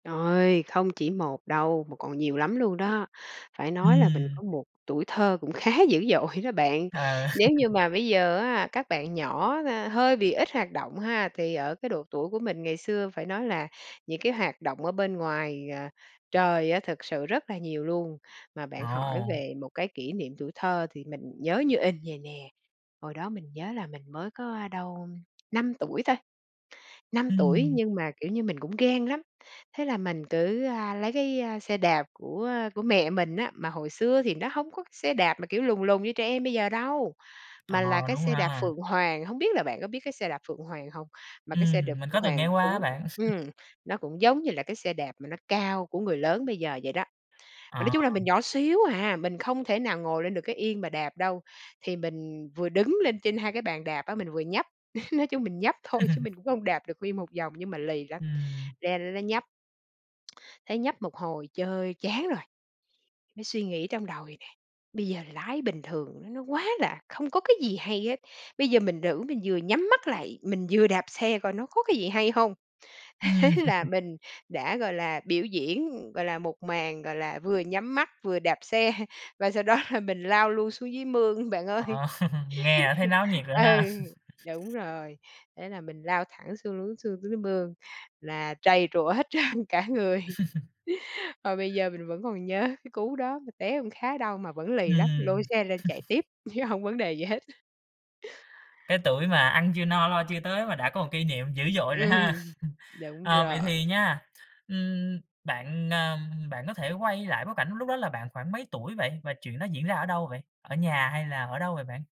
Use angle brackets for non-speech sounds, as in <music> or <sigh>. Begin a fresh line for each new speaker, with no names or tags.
Trời! Không chỉ 1 đâu mà còn nhiều lắm luôn đó. Phải nói là mình
Ừm.
có một tuổi thơ cũng khá dữ dội đó bạn.
À.
Nếu như
<laughs>
mà bây giờ á, các bạn nhỏ là hơi bị ít hoạt động ha, thì ở cái độ tuổi của mình ngày xưa phải nói là những cái hoạt động ở bên ngoài, à, trời á, thực sự rất là nhiều luôn, mà bạn hỏi
Ồ!
về một cái kỷ niệm tuổi thơ thì mình nhớ như in vầy nè, hồi đó mình nhớ là mình mới có đâu 5 tuổi thôi, 5 tuổi
Ừm.
nhưng mà, kiểu như, mình cũng gan lắm. Thế là mình cứ, a, lấy cái xe đạp của, a, của mẹ mình á, mà hồi xưa thì nó hông có xe đạp mà kiểu lùn lùn như trẻ em bây giờ đâu.
Ờ,
Mà là cái
đúng
xe đạp
ha.
Phượng Hoàng, hông biết là bạn có biết cái xe đạp Phượng Hoàng hông? Mà cái
Ừm,
xe đạp
mình
Phượng
có từng
Hoàng
nghe qua
cũng,
á bạn. <laughs>
ừm, nó cũng giống như là cái xe đạp mà nó cao của người lớn bây giờ vậy đó. Mà nói
À.
chung là mình nhỏ xíu hà, mình không thể nào ngồi lên được cái yên mà đạp đâu, thì mình vừa đứng lên trên 2 cái bàn đạp á, mình vừa nhấp, <laughs> nói chung mình nhấp thôi chứ
<laughs>
mình cũng không đạp được nguyên 1 vòng nhưng mà lì lắm,
Ừm.
leo lên đó nhấp. Thấy nhấp một hồi chơi chán rồi, mới suy nghĩ trong đầu vầy này, bây giờ lái bình thường nó quá là không có cái gì hay hết. Bây giờ mình thử mình vừa nhắm mắt lại, mình vừa đạp xe coi nó có cái gì hay hông? Thế
Ừm.
là
<laughs>
mình đã, gọi là, biểu diễn, gọi là 1 màn, gọi là, vừa nhắm mắt vừa đạp xe và sau đó là mình lao luôn xuống dưới mương, bạn ơi.
Ờ, <chuckles> nghe là thấy náo nhiệt
<laughs>
rồi
Ừ,
ha.
đúng
<laughs>
rồi, thế là mình lao thẳng xuống xuống dưới mương, là trầy trụa hết trơn cả người,
<laughs>
<laughs> mà bây giờ mình vẫn còn nhớ cái cú đó, mà té cũng khá đau mà vẫn lì lắm, lôi
Ừm.
xe lên chạy
<laughs>
tiếp chứ hông vấn đề gì hết.
Cái tuổi mà ăn chưa no lo chưa tới mà đã có 1 kỷ niệm dữ dội rồi ha.
Ừm.
<laughs>
Đúng
Ờ, vậy
rồi.
thì nha, ừm, bạn ờ, bạn có thể quay lại bối cảnh lúc đó là bạn khoảng mấy tuổi vậy và chuyện đó diễn ra ở đâu vậy? Ở nhà hay là ở đâu vậy bạn?